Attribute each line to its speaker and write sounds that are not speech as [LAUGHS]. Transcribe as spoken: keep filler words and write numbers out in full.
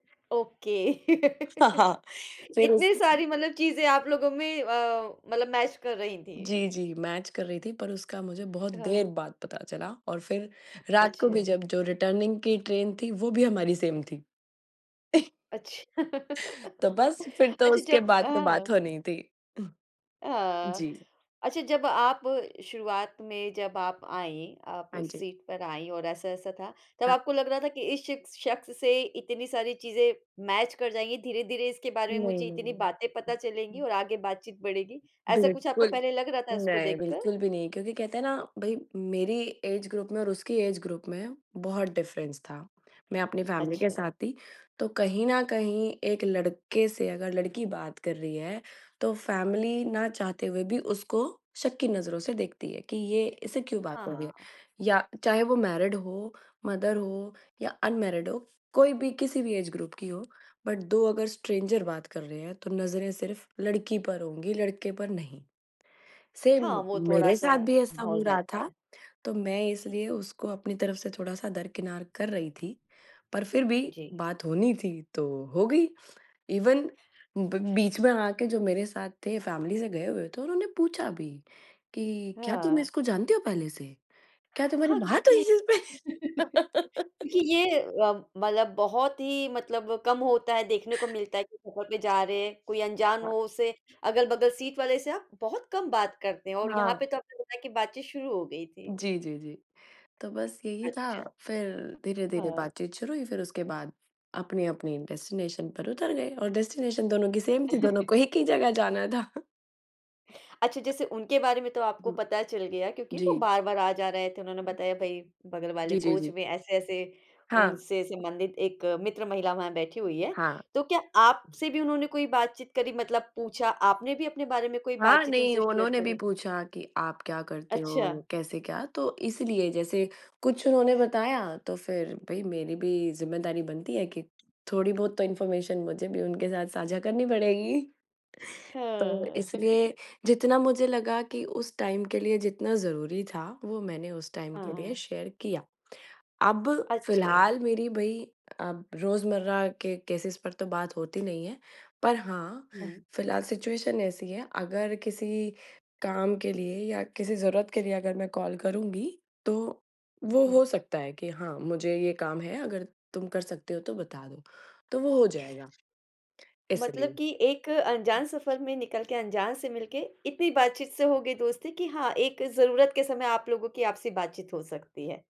Speaker 1: Okay.
Speaker 2: [CHUCKLES]
Speaker 1: [CHUCKLES]
Speaker 2: फ़िर उस
Speaker 1: इतनी सारी मतलब चीज़ें आप लोगों में अ, मतलब मैच कर रही थी।
Speaker 2: जी, जी, मैच कर रही थी पर उसका मुझे बहुत
Speaker 1: हाँ।
Speaker 2: देर बाद पता चला और फिर रात को भी
Speaker 1: अच्छा।
Speaker 2: जब जो रिटर्निंग की ट्रेन थी, वो भी हमारी सेम थी। [CHUCKLES]
Speaker 1: अच्छा।
Speaker 2: तो
Speaker 1: [CHUCKLES]
Speaker 2: बस, फिर तो
Speaker 1: अच्छा,
Speaker 2: उसके
Speaker 1: जब
Speaker 2: बाद तो बात होनी
Speaker 1: अ
Speaker 2: ही थी। हुँ,
Speaker 1: हाँ अ,
Speaker 2: जी।
Speaker 1: अच्छा, जब आप शुरुआत में जब आप आई, आप
Speaker 2: हाँ
Speaker 1: उस
Speaker 2: जी।
Speaker 1: सीट पर आई और ऐसा-ऐसा था, तब
Speaker 2: हाँ।
Speaker 1: आपको लग रहा था कि इस शिख शख्स से इतनी सारी चीज़ें मैच कर जाएँगी, धीरे-धीरे इसके बारे में
Speaker 2: नहीं,
Speaker 1: मुझे इतनी
Speaker 2: नहीं।
Speaker 1: बातें
Speaker 2: हुँ,
Speaker 1: पता चलेंगी
Speaker 2: हुँ।
Speaker 1: और आगे बातचीत बढ़ेगी? ऐसा कुछ आपको
Speaker 2: बिल्कुल,
Speaker 1: पहले लग रहा था उसको
Speaker 2: नहीं
Speaker 1: देखकर?
Speaker 2: बिल्कुल भी नहीं क्योंकि कहते हैं ना, भई मेरी ऐज ग्रुप में और उसकी ऐज ग्रुप में बहुत डिफ़रेंस था। मैं अपनी फ़ैमिली के
Speaker 1: अच्छा।
Speaker 2: साथ थी, तो कहीं न कहीं एक लड़के से अगर लड़की बात कर रही है, तो फ़ैमिली ना चाहते हुए भी उसको शक की नज़रों से देखती है, कि ये इससे क्यों बात कर रही है।
Speaker 1: हाँ।
Speaker 2: या चाहे वो मैरिड हो, मदर हो या अनमैरिड हो, कोई भी किसी भी ऐज ग्रुप की हो, बट दो अगर स्ट्रेंजर बात कर रहे हैं, तो नज़रें सिर्फ लड़की पर होंगी, लड़के पर नहीं।
Speaker 1: हाँ,
Speaker 2: सेम
Speaker 1: वो
Speaker 2: मेरे
Speaker 1: थोड़ा-सा
Speaker 2: साथ भी ऐसा हो
Speaker 1: माहौल
Speaker 2: रहा
Speaker 1: रहता
Speaker 2: था,
Speaker 1: है।
Speaker 2: तो मैं इसलिए उसको अपनी तरफ से थोड़ा-सा दरकिनार कर रही थी। पर फिर भी
Speaker 1: जी।
Speaker 2: बात होनी थी तो हो गई, इवन ब बीच में आके जो मेरे साथ थे फ़ैमिली से गए हुए थे, उन्होंने पूछा भी कि क्या तुम
Speaker 1: हाँ।
Speaker 2: इसको जानते हो पहले से? क्या तुम्हारी
Speaker 1: हाँ,
Speaker 2: बात हुई
Speaker 1: क्योंकि
Speaker 2: इस इसपे?
Speaker 1: [LAUGHS] क्योंकि
Speaker 2: [CHUCKLES]
Speaker 1: ये अ, मतलब बहुत ही मतलब कम होता है, देखने को मिलता है कि सफर पे जा रहे हैं, कोई अनजान
Speaker 2: हाँ।
Speaker 1: हो उसे अगल-बगल सीट वाले से आप बहुत कम बात करते हैं और यहाँ
Speaker 2: हाँ।
Speaker 1: पे तो आपने बताया कि बातचीत शुरू हो गई थी।
Speaker 2: जी, जी, जी। तो बस यही था
Speaker 1: अच्छा।
Speaker 2: फिर धीरे-धीरे
Speaker 1: हाँ।
Speaker 2: बातचीत शुरू हुई, फिर उसके बाद अपनी-अपनी डेस्टिनेशन पर उतर गए और डेस्टिनेशन दोनों की सेम थी, दोनों
Speaker 1: [CHUCKLES]
Speaker 2: को एक ही जगह जाना था।
Speaker 1: अच्छा जैसे उनके बारे में तो
Speaker 2: उ,
Speaker 1: आपको
Speaker 2: हुँ,
Speaker 1: पता चल गया क्योंकि वो
Speaker 2: जी।
Speaker 1: बार-बार आ जा रहे थे, उन्होंने
Speaker 2: हुँ।
Speaker 1: बताया भई बगल वाले
Speaker 2: जी, जी,
Speaker 1: कोच
Speaker 2: जी।
Speaker 1: में ऐसे-ऐसे
Speaker 2: हाँ।
Speaker 1: उनसे संबंधित एक मित्र महिला वहाँ बैठी हुई है।
Speaker 2: हाँ।
Speaker 1: तो क्या आपसे भी उन्होंने कोई बातचीत करी मतलब पूछा, आपने भी अपने बारे में कोई
Speaker 2: हाँ,
Speaker 1: बातचीत
Speaker 2: नहीं
Speaker 1: उनसे शेयर
Speaker 2: उन्होंने भी
Speaker 1: करी?
Speaker 2: पूछा कि आप क्या करते
Speaker 1: अच्छा।
Speaker 2: हो, कैसे क्या? तो इसीलिए जैसे कुछ उन्होंने बताया, तो फिर भई मेरी भी ज़िम्मेदारी बनती है कि थोड़ी बहुत तो इंफ़ॉर्मेशन मुझे भी उनके साथ साझा करनी पड़ेगी। तो,
Speaker 1: हाँ। [CHUCKLES]
Speaker 2: इसलिए जितना मुझे लगा कि उस टाइम के लिए जितना ज़रूरी था, वो मैंने उस टाइम के लिए
Speaker 1: हाँ।
Speaker 2: शेयर किया। अब
Speaker 1: अच्छा।
Speaker 2: फ़िलहाल मेरी भई अब रोज़मर्रा के केसेज़ पर तो बात होती नहीं है, पर हाँ,
Speaker 1: हुँ।
Speaker 2: फ़िलहाल सिचुएशन ऐसी है, अगर किसी काम के लिए या किसी ज़रूरत के लिए अगर मैं कॉल करूँगी, तो वो
Speaker 1: हुँ।
Speaker 2: हो सकता है कि हाँ मुझे ये काम है, अगर तुम कर सकते हो तो बता दो, तो वो हो जाएगा, इसलिए।
Speaker 1: मतलब कि
Speaker 2: हुँ।
Speaker 1: एक अनजान सफर में निकल के, अनजान से मिलके, इतनी बातचीत से हो गई दोस्ती कि हाँ, एक ज़रूरत के समय आप लोगों की आपसी बातचीत हो सकती है।